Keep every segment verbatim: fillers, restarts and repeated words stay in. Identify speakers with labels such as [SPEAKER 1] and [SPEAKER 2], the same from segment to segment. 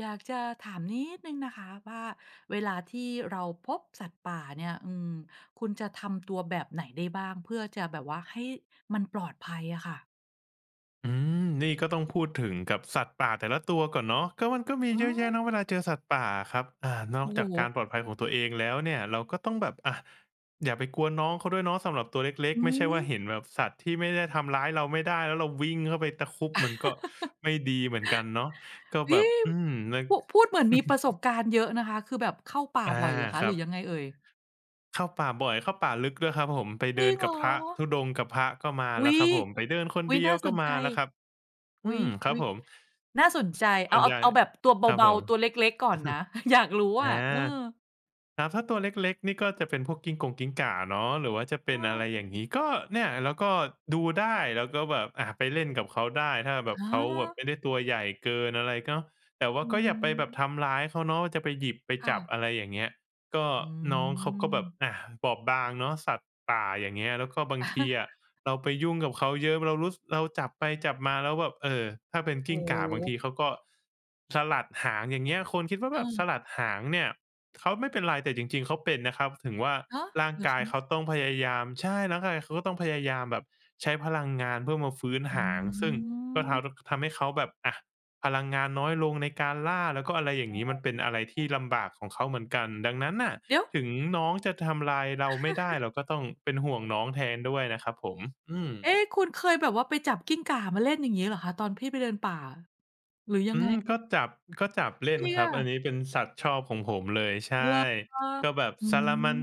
[SPEAKER 1] อยากจะถามนิดหนึ่งนะคะว่า เวลาที่เราพบสัตว์ป่าเนี่ย อืม คุณจะทำ ตัวแบบไหนได้บ้าง เพื่อจะแบบว่าให้มันปลอดภัยอะค่ะ?
[SPEAKER 2] อืม นี่ก็ต้องพูดถึงกับสัตว์ป่าแต่ละตัวก่อนเนาะ ก็ มันก็มี
[SPEAKER 1] อ๋
[SPEAKER 2] เยอะแยะ
[SPEAKER 1] อ
[SPEAKER 2] เนาะเวลาเจอสัตว์ป่าอะครับ อ่า นอ
[SPEAKER 1] โอ
[SPEAKER 2] ก
[SPEAKER 1] ้โ
[SPEAKER 2] จากก
[SPEAKER 1] ฮ!
[SPEAKER 2] ารปลอดภัยของตัวเองแล้วเนี่ย เราก็ต้องแบบ อะ อย่าไปกวนน้อง เขาด้วยเนาะสำหรับตัวเล็ก
[SPEAKER 1] อื
[SPEAKER 2] ๆ ไม่ใช่ว่า
[SPEAKER 1] ม
[SPEAKER 2] เห็นแบบสัตว์ที่ไม่ได้ทำร้ายเรา ไม่ได้แล้ว เราวิ่งเข้าไปตะครุบ มันก็ไม่ดีเหมือนกันเนาะ ก็แบบ อืม นึก
[SPEAKER 1] พุ พูดเหมือนมีประสบการณ์เยอะนะคะ คือแบบเข้าป่า
[SPEAKER 2] อา
[SPEAKER 1] บ่อยเหรอคะ?
[SPEAKER 2] ค
[SPEAKER 1] ห
[SPEAKER 2] รั
[SPEAKER 1] รือย
[SPEAKER 2] บ
[SPEAKER 1] ังไงเอ่ย?
[SPEAKER 2] เข้าป่าบ่อย เข้าป่าลึก ด้วยครับผม ไปเด
[SPEAKER 1] จร
[SPEAKER 2] ิ
[SPEAKER 1] ิ
[SPEAKER 2] น
[SPEAKER 1] งเห
[SPEAKER 2] ก
[SPEAKER 1] ร
[SPEAKER 2] ับพระธุ
[SPEAKER 1] อ?
[SPEAKER 2] ดงค์ กับพระก็มา
[SPEAKER 1] อุ
[SPEAKER 2] แ
[SPEAKER 1] ๊
[SPEAKER 2] ล้ว
[SPEAKER 1] ย
[SPEAKER 2] ครับผม ไปเดิน คน
[SPEAKER 1] อุ๊ย
[SPEAKER 2] เดี
[SPEAKER 1] น
[SPEAKER 2] ย
[SPEAKER 1] ่า
[SPEAKER 2] ว
[SPEAKER 1] ส
[SPEAKER 2] ก็
[SPEAKER 1] นใ
[SPEAKER 2] ม
[SPEAKER 1] จ
[SPEAKER 2] าแล้วครับ
[SPEAKER 1] อ
[SPEAKER 2] อ
[SPEAKER 1] ุ๊
[SPEAKER 2] ื
[SPEAKER 1] ย
[SPEAKER 2] ม ค
[SPEAKER 1] อ
[SPEAKER 2] รั
[SPEAKER 1] ุ
[SPEAKER 2] บ
[SPEAKER 1] ๊ย
[SPEAKER 2] ผม
[SPEAKER 1] น่าสนใจ
[SPEAKER 2] ส
[SPEAKER 1] เ
[SPEAKER 2] ่
[SPEAKER 1] อา
[SPEAKER 2] วน
[SPEAKER 1] เอ
[SPEAKER 2] ใ
[SPEAKER 1] า
[SPEAKER 2] หญ่
[SPEAKER 1] เอาแบบ ตัวเ
[SPEAKER 2] ครับ
[SPEAKER 1] บ
[SPEAKER 2] ผ
[SPEAKER 1] า
[SPEAKER 2] ม
[SPEAKER 1] ๆ ตัวเล็ก ๆ ก่อนนะ อยาก รู้
[SPEAKER 2] อ
[SPEAKER 1] อะ
[SPEAKER 2] า
[SPEAKER 1] เออ
[SPEAKER 2] ครับ ถ้าตัวเล็ก ๆ นี่ก็จะเป็นพวกกิ้งกงกิ้งก่าเนาะ หรือว่าจะเป
[SPEAKER 1] เ
[SPEAKER 2] ็น อะไร
[SPEAKER 1] ออ
[SPEAKER 2] อย่างงี้ ก็เนี่ย แล้วก็ดูได้ แล้วก็แบบ อะ ไปเล่นกับเขาได้ ถ้าแบ
[SPEAKER 1] อ
[SPEAKER 2] บ
[SPEAKER 1] ๋
[SPEAKER 2] เขาแบบ
[SPEAKER 1] อ
[SPEAKER 2] ไม่ได้ตัวใหญ่เกินอะไร ก็ แต่ว่า
[SPEAKER 1] อื
[SPEAKER 2] ก็อย่าไปแบบท
[SPEAKER 1] ม
[SPEAKER 2] ำร้ายเขาเนาะ จะไปหยิบ ไป
[SPEAKER 1] ค่
[SPEAKER 2] จับ อ
[SPEAKER 1] ะ
[SPEAKER 2] ะไรอย่างเงี้ย ก็
[SPEAKER 1] อื
[SPEAKER 2] น้องเขาก็แบบ
[SPEAKER 1] ม
[SPEAKER 2] อะ บอบบางเนาะสัตว์ป่า อย่างเงี้ย แล้วก็บางทีอะเราไปยุ่งกับเขาเยอะ เรารู้ ส เราจับไปจับมาแล้วแบบ เออ ถ้าเป็นก
[SPEAKER 1] โอ
[SPEAKER 2] ิ
[SPEAKER 1] ้
[SPEAKER 2] ้งก่าบาง
[SPEAKER 1] โ
[SPEAKER 2] ที
[SPEAKER 1] ฮ!
[SPEAKER 2] เขาก็ สลัดหาง อย่างเงี้ย คนคิดว่า แบบส
[SPEAKER 1] เออ
[SPEAKER 2] ลัดหางเนี่ยเขาไม่เป็นไร แต่จริง ๆ เขาเป็นนะครับ ถึงว่า
[SPEAKER 1] ฮะ!
[SPEAKER 2] ร่าง
[SPEAKER 1] เหร
[SPEAKER 2] ก
[SPEAKER 1] อค
[SPEAKER 2] ายเข
[SPEAKER 1] ะ?
[SPEAKER 2] าต้องพยายาม ใช่ ร่างกายเขาก็ต้องพยายามแบบใช้พลังงานเพื่อมาฟื้น
[SPEAKER 1] อ
[SPEAKER 2] ห
[SPEAKER 1] ื
[SPEAKER 2] าง ซึ่งก็ทา
[SPEAKER 1] ม
[SPEAKER 2] ทำให้เขาแบบ อะ พลังงานน้อยลงในการล่า แล้ว ก็อะไรอย่
[SPEAKER 1] โ
[SPEAKER 2] า
[SPEAKER 1] อ
[SPEAKER 2] งง
[SPEAKER 1] ้
[SPEAKER 2] ี้ มันเป็นอะไรท
[SPEAKER 1] โฮ
[SPEAKER 2] ี่ลำบากของเขาเหมือนกัน ดังนั้นน่ะ
[SPEAKER 1] เดี๋ยว!
[SPEAKER 2] ถึงน้อง จะทำลายเราไม่ได้ เราก็ต้องเป็นห่วงน้องแทนด้วยนะครับผม อืม
[SPEAKER 1] เอ๊ คุณเคยแบบว่าไปจับกิ้งก่ามาเล่น อย่างงี้เหรอคะ? ตอนที่ไปเดินป่าอะ หรือยั
[SPEAKER 2] อ
[SPEAKER 1] ง
[SPEAKER 2] ื
[SPEAKER 1] ไง?
[SPEAKER 2] ม ก็จับ ก็จับเล่
[SPEAKER 1] จ
[SPEAKER 2] น
[SPEAKER 1] ริง
[SPEAKER 2] คร
[SPEAKER 1] อ
[SPEAKER 2] ับ อั
[SPEAKER 1] ะ?
[SPEAKER 2] นนี้เป็นสัตว์ชอบของผมเลย ใช
[SPEAKER 1] เหร
[SPEAKER 2] ่
[SPEAKER 1] อ?
[SPEAKER 2] ก็แบบ
[SPEAKER 1] อื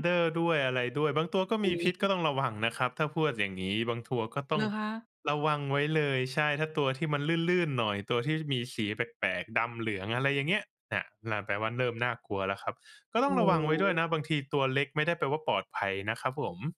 [SPEAKER 1] ม
[SPEAKER 2] ด้วยอะไรด้วย บางตัวก็
[SPEAKER 1] อ
[SPEAKER 2] ม
[SPEAKER 1] ุ๊
[SPEAKER 2] ีพิษ
[SPEAKER 1] ย
[SPEAKER 2] ก็ต้องระวังนะครับ ถ้าพวด อย่างงี้ บางทัว ก็ต้
[SPEAKER 1] เห
[SPEAKER 2] อ
[SPEAKER 1] ร
[SPEAKER 2] ง
[SPEAKER 1] อคะ?
[SPEAKER 2] ระวังไว้เลย ใช่ ถ้า ตัวที่มันลื่น ๆ หน่อย ตัวที่มีสีแปลก ๆ ดำ-เหลือง อะไรอย่างเงี้ย น่ะ นั่นแปลว่า เริ่มน่ากลัวแล้วครับ ก็
[SPEAKER 1] โ
[SPEAKER 2] ต
[SPEAKER 1] อ
[SPEAKER 2] ้อ
[SPEAKER 1] ้
[SPEAKER 2] งระวังไว้ด้
[SPEAKER 1] โ
[SPEAKER 2] วย
[SPEAKER 1] ฮ!
[SPEAKER 2] นะ บางทีตัวเล็กไม่ได้แปลว่า ปลอดภัยนะครับผม